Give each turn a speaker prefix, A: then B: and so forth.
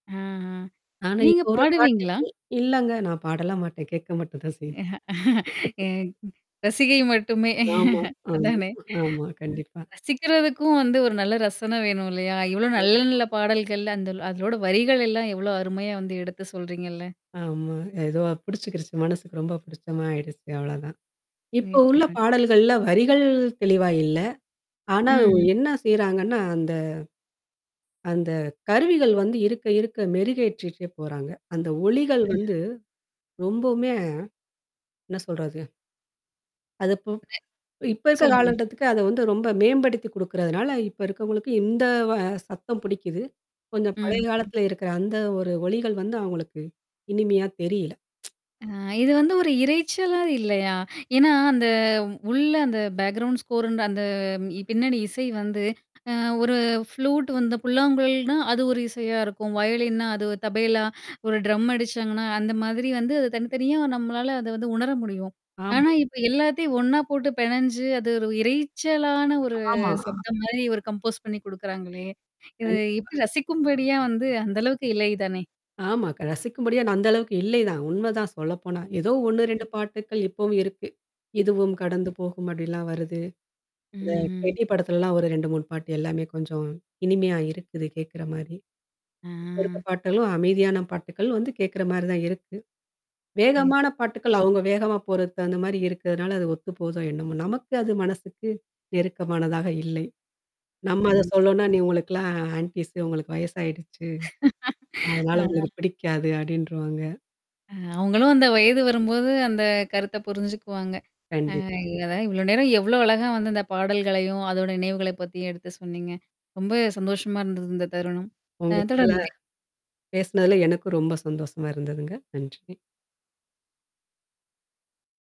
A: ஆஹ
B: நானே
A: நீங்க
B: இப்போ வர
A: பாடுவீங்களா?
B: பாட்டுகள் இ இல்லங்க. நான் பாடலாம் மாட்டேன். கேட்க மட்டும் தான் செய்வேன்.
A: எ ரசிகை மட்டுமே
B: ஆமா, ஆமா,
A: அதானே. ம்.
B: ஆமா, கண்டிப்பா.
A: ரசிக்கிறதுக்கும் வந்து ஒரு நல்ல ரசனை வேணும் இல்லையா? இவ்ளோ
B: ஆமா.
A: நல்ல நல்ல பாடல்கள் அந்த அதோட வரிகள் எல்லாம் எவ்வளோ அருமையா வந்து எடுத்து சொல்றீங்கல்ல?
B: ஆமா ஏதோ புடிச்சுக்கிருச்சு. மனசுக்கு ரொம்ப புடிச்சமா ஆயிடுச்சு. அவ்ளோதான். இப்போ உள்ள
A: நிச்சயமா. நிச்
B: பாடல்கள்ல வரிகள் தெளிவா இல்ல. ஆனா,
A: ம்ஹ்ம்.
B: என்ன செய்றாங்கன்னா, அந்த அந்த கருவிகள் வந்து இருக்க, இருக்க மெருகேற்றிட்டே போறாங்க. அந்த ஒலிகள்
A: ம்.
B: வந்து ரொம்பவுமே என்ன சொல்றது? அதுப்போ
A: ஓகே.
B: இப்ப இருக்க
A: சொல்லுங்க.
B: காலகட்டத்துக்கு அத வந்து ரொம்ப மேம்படுத்தி குடுக்குறதுனால இப்ப இருக்கவங்களுக்கு இந்த வ சத்தம் புடிக்குது. கொஞ்சம் பழைய
A: ம்.
B: காலத்துல இருக்கிற அந்த ஒரு ஒலிகள் வந்து அவங்களுக்கு? இனிமையா தெரியல.
A: அ இது வந்து ஒரு இரைச்சலா இல்லையா? ஏன்னா, அந்த உள்ள அந்த பேக்ரவுண்ட் ஸ்கோர்ன் அந்த பின்னணி இசை வந்து, அ ஒரு ஃப்ளூட் வந்த புல்லாங்குழல்னா, அது ஒரு இசையா இருக்கும். வயலின்னா அது தபைலா ஒரு ட்ரம் அடிச்சாங்கன்னா, அந்த மாதிரி வந்து அது தனித்தனியா நம்மளால அத வந்து உணர முடியும். ஆனா,
B: ஆமா.
A: இப்ப எல்லாத்தையும் ஒண்ணா போட்டு பெணஞ்சு அது இரைச்சலான ஒரு
B: ஆமா.
A: சப்தம் மாரி ஒரு கம்போஸ் பண்ணி குடுக்குறாங்களே. இது
B: கண்டிப்பா.
A: எப்படி ரசிக்கும்படியா வந்து அந்த அளவுக்கு இல்லை தானே?
B: ஆமா. ரசிக்கும் படியா நா அந்த அளவுக்கு இல்லைதான். உண்மதான் சொல்ல போனா. ஏதோ ஒண்ணு, 2
A: ம்.
B: பாட்டுக்கள் இப்பவும் இருக்கு. இதுவும் கடந்து
A: ம்.
B: போகும் அப்டிலாம் வருது. அந்த கேட்டி
A: ம்ஹ்ம்.
B: படத்துலல்லாம் ஒரு 2 3ணு பாட்டு எல்லாமே கொஞ்சம் இனிமையா இருக்குது கேட்கற மாரி. இப்ப இருக்குற
A: ஆ.
B: பாட்டுகளும், அமைதியான பாட்டுக்கள் வந்து கேட்கற மாரி தான் இருக்கு. வேகமான
A: நிச்சயமா.
B: பாட்டுக்கள் அவங்க வேகமா போறது அந்த மாரி இருக்கிறதுனால அது ஒத்து போதோ என்னமோ. நமக்கு அது மனசுக்கு நெருக்கமானதாக இல்லை. நம்ம அத
A: ம்.
B: சொல்லும்னா, நீ உங்களுக்கெல்லாம் ஆன்டீஸ் உங்களுக்கு வயசாயிடுச்சு. அதனால
A: ஆ.
B: உங்களுக்கு பிடிக்காது அப்டின்ருவாங்க.
A: அ அவங்களும் அந்த வயது வரும்போது அந்த கருத்த புரிஞ்சுக்குவாங்க. அ
B: கண்டிப்பா.
A: இல்லதான். இவ்ளோ நேரம் எவ்வளோ அழகா வந்து இந்த பாடல்களையும் அதோட நினைவுகளை பத்தியும் எடுத்து சொன்னீங்க? ரொம்ப சந்தோஷமா இருந்தது இந்த தருணம்.
B: உங்க
A: அ
B: கூடல
A: தொடர்ந்து பே
B: பேசனதுல எனக்கும் ரொம்ப சந்தோஷமா இருந்ததுங்க. நன்றி.